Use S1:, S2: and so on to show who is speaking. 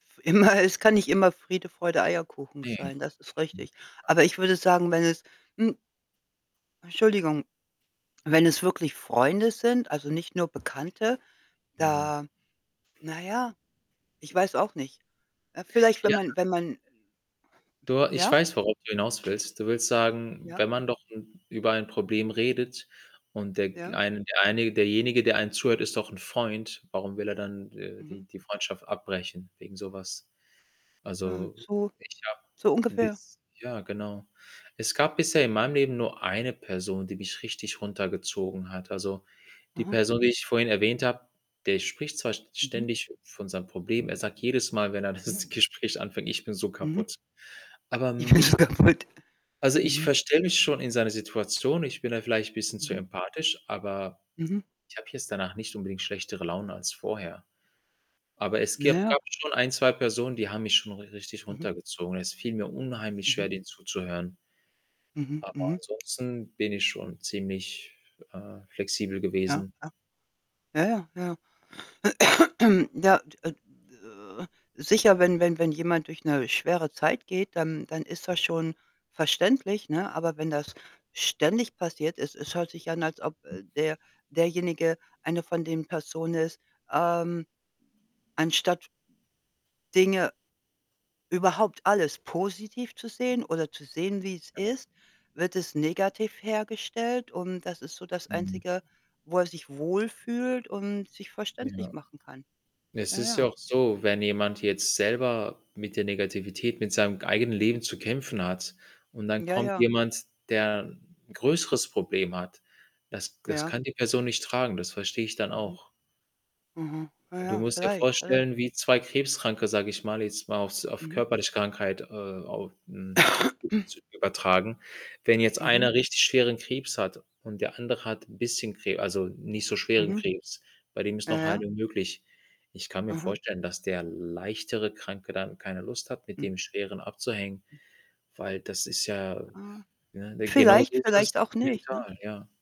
S1: Immer es kann nicht immer Friede, Freude, Eierkuchen
S2: Ne,
S1: sein, das ist
S2: mhm,
S1: richtig.
S2: ja.
S1: Aber ich würde sagen, wenn es, hm Entschuldigung, wenn es wirklich Freunde sind, also, nicht nur Bekannte,
S2: Mhm.
S1: da na ja, ich weiß auch nicht. Äh, vielleicht, wenn
S2: Ja.
S1: man wenn man, ähm
S2: Du, äh, ich
S1: Ja?
S2: weiß, worauf du hinauswillst. Du willst sagen,
S1: Ja.
S2: wenn man doch ’n über ein Problem redet und der g
S1: Ja.
S2: eine der eine derjenige, der einen zuhört, ist doch ’n Freund, Warum will er dann d äh,
S1: Mhm.
S2: die die Freundschaft abbrechen wegen so was?
S1: Mhm,
S2: Also,
S1: so
S2: ich habe
S1: so ungefähr.
S2: bis ja, genau. Es gab bisher in meinem Leben nur eine Person, die mich richtig runtergezogen hat. Also, die
S1: Mhm.
S2: Person, die ich vorhin erwähnt habe, der spricht zwar st
S1: Mhm.
S2: ständig von seinen Problemen. Er sagt jedes Mal, wenn er
S1: Mhm.
S2: das Gespräch anfängt: „Ich bin so
S1: Mhm.
S2: kaputt.“ Aber mich
S1: Ist kaputt.
S2: also, ich
S1: Mhm.
S2: verstelle mich schon in seine Situation. Ich bin da vielleicht bisschen zu
S1: Mhm.
S2: empathisch, aber
S1: Mhm.
S2: ich habe jetzt danach nicht so unbedingt schlechtere Laune als vorher. Aber es
S1: Na
S2: gib
S1: ja.
S2: gab schon 1, 2 Personen, die haben mich schon ri richtig
S1: Mhm.
S2: runtergezogen. Es fiel mir unheimlich
S1: Mhm.
S2: schwer, denen zuzuhören.
S1: Mhm,
S2: Aber
S1: mhm.
S2: ansonsten bin ich schon ziemlich, äh, flexibel
S1: Ja.
S2: gewesen.
S1: Ja. Ja, ja. Ja. Ja, d äh, sicher, wenn wenn wenn jemand durch ’ne schwere Zeit geht, dann dann ist das schon verständlich, ne? Aber wenn das ständig passiert es es hört sich an, als ob,
S2: [unintelligible]
S1: äh, der derjenige eine von den Personen ist, ähm anstatt Dinge überhaupt alles positiv zu
S2: [unintelligible]
S1: sehen, oder zu sehen, wie es
S2: Ja.
S1: ist, wird es negativ hergestellt. Und das ist so das
S2: Mhm.
S1: Einzige, wo er sich wohlfühlt und sich verständlich
S2: Ja.
S1: machen kann.
S2: Es
S1: Ja,
S2: ist ja
S1: ja.
S2: auch so, wenn jemand jetzt selber mit der Negativität, mit seinem g eigenen Leben zu kämpfen hat und dann
S1: Ja,
S2: kommt
S1: ja.
S2: jemand, der ’n größeres Problem hat, das g das
S1: Ja.
S2: kann die Person nicht tragen, das verstehe ich dann
S1: Mhm.
S2: auch.
S1: Mhm. Ja,
S2: Du
S1: ja,
S2: musst dir
S1: vielleicht,
S2: vorstellen,
S1: vielleicht.
S2: wie 2 Krebskranke, sage ich mal, jetzt mal auf’s auf
S1: Mhm.
S2: körperliche Krankheit, äh, au mhm, zu übertragen. Wenn jetzt
S1: Mhm.
S2: einer richtig schweren Krebs hat und der andere hat bisschen Kre also, nicht so schweren
S1: Mhm.
S2: Krebs, bei dem ist
S1: Ja,
S2: noch
S1: ja.
S2: Heilung möglich. Ich kann mir
S1: Aha.
S2: vorstellen, dass der leichtere Kranke dann keine Lust hat, mit
S1: Mhm.
S2: dem Schweren abzuhängen,
S1: [unintelligible]
S2: weil das ist ja
S1: Ah,
S2: ne? D
S1: vielleicht,
S2: genauso ist
S1: vielleicht
S2: das
S1: auch nicht, ne?
S2: mental, ja.